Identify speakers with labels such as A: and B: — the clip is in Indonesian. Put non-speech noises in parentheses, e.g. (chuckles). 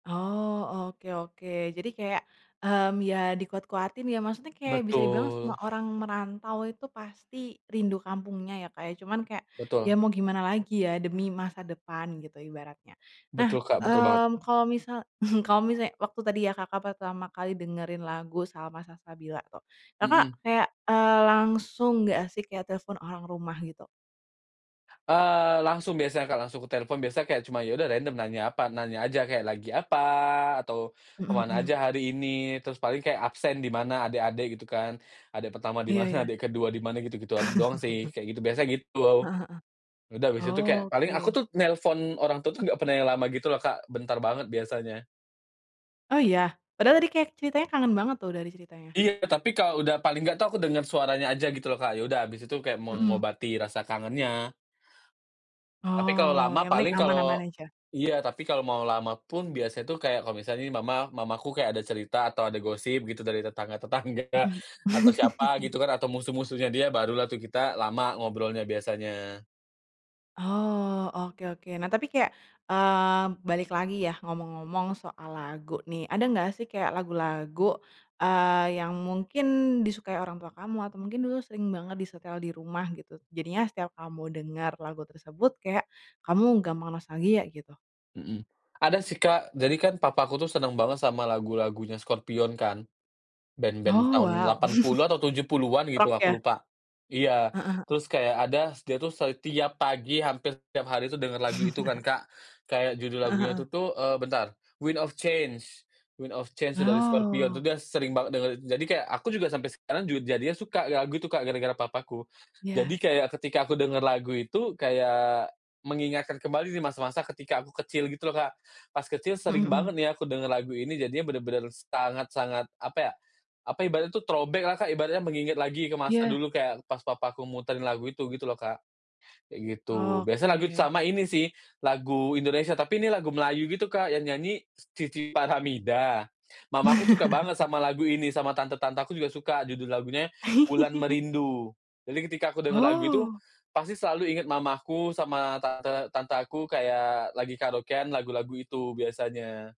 A: Oh, oke oke. Jadi kayak, mmm, ya dikuat-kuatin ya. Maksudnya kayak bisa dibilang semua
B: Betul.
A: orang merantau itu pasti rindu kampungnya ya, Kak, ya. Cuman kayak ya
B: Betul.
A: mau gimana lagi ya, demi masa depan gitu ibaratnya. Nah,
B: Betul, Kak, betul banget.
A: mmm, kalau misal (chuckles) kalo misalnya waktu tadi ya Kakak pertama kali dengerin lagu Salma Salsabila tuh. Kakak
B: Mmm.
A: kayak, eee, langsung nggak sih kayak telepon orang rumah gitu?
B: Eee, langsung biasa, Kak, langsungku telepon biasa kayak cuma ya udah random nanya apa, nanya aja kayak, "Lagi apa?" Atau,
A: Mmm
B: "Kemana
A: mmm.
B: aja hari ini?" Terus paling kayak absen di mana adek-adek gitu kan. Adek pertama di
A: Iya
B: mana,
A: ya.
B: adek ke-2 di mana gitu, gituan doang
A: (chuckles)
B: sih, kayak gitu biasa gitu.
A: Heeh heeh.
B: Udah habis itu kayak paling aku
A: Oke.
B: tuh nelpon orang tua tuh nggak pernah yang lama gitu loh, Kak, bentar banget biasanya.
A: Oh, iya? Padahal tadi kayak ceritanya kangen banget tuh, dari ceritanya.
B: Iya, tapi kalau udah paling nggak tuh aku denger suaranya aja gitu loh, Kak, ya udah abis itu kayak
A: Mhm.
B: mengobati rasa kangennya. Tapi kalau
A: Oh,
B: lama
A: yang penting
B: paling kalau
A: aman-aman aja.
B: iya, tapi kalau mau lama pun biasa tuh kayak kalau misalnya nih mama, mamaku kayak ada cerita atau ada gosip gitu dari tetangga tetangga,
A: Mmm.
B: atau siapa
A: (chuckles)
B: gitu kan atau musuh-musuhnya dia barulah tuh kita lama ngobrolnya biasanya.
A: Oh, oke oke. Nah, tapi kayak, mmm, balik lagi ya ngomong-ngomong soal lagu nih, ada enggak sih kayak lagu-lagu, eee, yang mungkin disukai orang tua kamu atau mungkin dulu sering banget disetel di rumah gitu? Jadinya setiap kamu denger lagu tersebut kayak kamu gampang nostalgia gitu.
B: Mmm, ada sih, Kak, jadi kan papaku tuh seneng banget sama lagu-lagunya Scorpions kan. Band-band
A: Oh,
B: tahun
A: wow.
B: 80 atau tujuh
A: (chuckles)
B: puluhan gitu
A: Rock ya?
B: aku lupa. Iya,
A: Heeh heeh.
B: terus kayak ada s dia s tuh setiap pagi hampir tiap hari tuh dengar lagu itu kan, Kak, kayak
A: (chuckles)
B: judul
A: Heeh
B: lagunya itu
A: heeh.
B: tuh, eee, bentar "Wind of Change," "Wind of Change" tuh dari Scorpions tuh
A: Oh.
B: dia sering banget denger itu. Jadi kayak aku juga sampai sekarang juga jadinya suka lagu itu, Kak, gara-gara papaku. Jadi
A: Ya.
B: kayak ketika aku dengar lagu itu kayak mengingatkan kembali di masa-masa ketika aku kecil gitu loh, Kak. Pas kecil
A: Mmm
B: sering banget
A: mmm.
B: nih ya aku dengar lagu ini jadinya bener-bener sangat sangat apa ya, apa ibaratnya tuh throwback-lah, Kak, ibaratnya mengingat lagi ke masa
A: Iya.
B: dulu kayak pas papaku muterin lagu itu gitu loh, Kak, kayak gitu. Biasa lagu
A: Oke.
B: sama ini sih lagu Indonesia tapi ini lagu Melayu gitu, Kak, yang nyanyi Cici Faramida, mamaku suka banget
A: (chuckles)
B: sama lagu ini sama tante-tante aku juga suka judul lagunya "Wulan
A: (chuckles)
B: Merindu." Jadi ketika aku dengar lagu itu,
A: Oh.
B: pasti selalu ingat mamaku sama tante tante aku kayak lagi karaokean lagu-lagu itu biasanya.